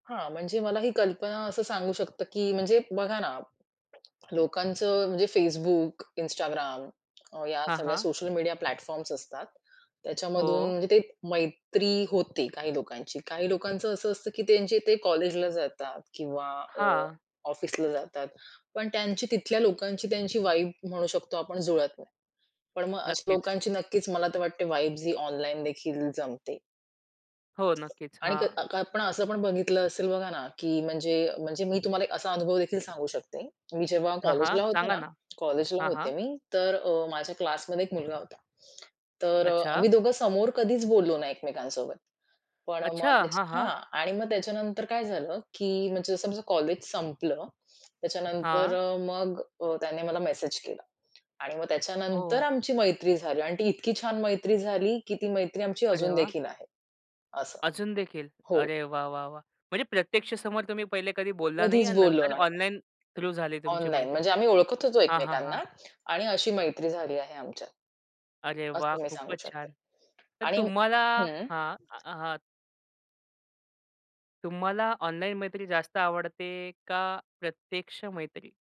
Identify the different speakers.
Speaker 1: हां, म्हणजे मला ही कल्पना असं सांगू शकतं, की म्हणजे बघा ना, लोकांचं म्हणजे Facebook, Instagram या
Speaker 2: हां,
Speaker 1: सगळ्या
Speaker 2: हां.
Speaker 1: सोशल मीडिया प्लॅटफॉर्म्स असतात. त्याच्यामधून
Speaker 2: हो.
Speaker 1: म्हणजे ते मैत्री होती काही लोकांची. काही लोकांचं असं असतं, की त्यांचे ते कॉलेजला जातात किंवा अ,
Speaker 2: हां.
Speaker 1: ऑफिसला जातात. पण त्यांची तिथल्या लोकांची त्यांची वाइब म्हणू शकतो आपण जुळत नाही. पण मग अशा
Speaker 2: नक्कीच.
Speaker 1: लोकांची नक्कीच मला तर वाटते ही वाइब्स ऑनलाईन देखील जमते.
Speaker 2: हो, नक्कीच.
Speaker 1: आणि क
Speaker 2: हां.
Speaker 1: अ, आपण असं पण बघितलं असेल बघा ना, की म्हणजे म्हणजे मी तुम्हाला एक असा अनुभव देखील सांगू शकते. की मी जेव्हा
Speaker 2: हां, हां.
Speaker 1: कॉलेजला होते
Speaker 2: सांगा
Speaker 1: ना,
Speaker 2: ना.
Speaker 1: कॉलेजला
Speaker 2: हां,
Speaker 1: होते
Speaker 2: हां.
Speaker 1: मी, तर माझ्या क्लासमध्ये एक मुलगा होता. तर अ,
Speaker 2: अच्छा.
Speaker 1: आम्ही दोघं समोर कधीच बोललो नाही एकमेकांसोबत. पण
Speaker 2: अच्छा.
Speaker 1: मध्येच
Speaker 2: हां,
Speaker 1: हां
Speaker 2: हां.
Speaker 1: आणि मग त्याच्यानंतर काय झालं? की म्हणजे समजा कॉलेज संपलं त्याच्यानंतर
Speaker 2: हां.
Speaker 1: मग अ, त्याने मला मेसेज केला. आणि मग त्याच्यानंतर
Speaker 2: हो.
Speaker 1: आमची मैत्री झाली आणि ती इतकी छान मैत्री झाली, की ती मैत्री आमची
Speaker 2: अरे
Speaker 1: अजून
Speaker 2: वा!
Speaker 1: देखील आहे. असं.
Speaker 2: अजून देखील.
Speaker 1: हो.
Speaker 2: अरे वाह! वाह! वाह! म्हणजे प्रत्यक्ष समोर तुम्ही पहिले कधी बोलला नाही
Speaker 1: कधीच
Speaker 2: आणि
Speaker 1: बोललो
Speaker 2: नंतर
Speaker 1: नाही.
Speaker 2: ऑनलाईन थ्रू झाली तुमची
Speaker 1: ऑनलाईन
Speaker 2: मैत्री.
Speaker 1: म्हणजे आम्ही ओळखत होतो
Speaker 2: हां, हां, हां.
Speaker 1: एकमेकांना आणि अशी मैत्री झाली आहे आमच्यात.
Speaker 2: अरे वाह!
Speaker 1: असं मी सांगू
Speaker 2: खूपच छान.
Speaker 1: शकते.
Speaker 2: तर
Speaker 1: आणि
Speaker 2: तुम्हाला
Speaker 1: हं.
Speaker 2: हां अ, हां. तुम्हाला ऑनलाईन मैत्री जास्त आवडते का प्रत्यक्ष मैत्री?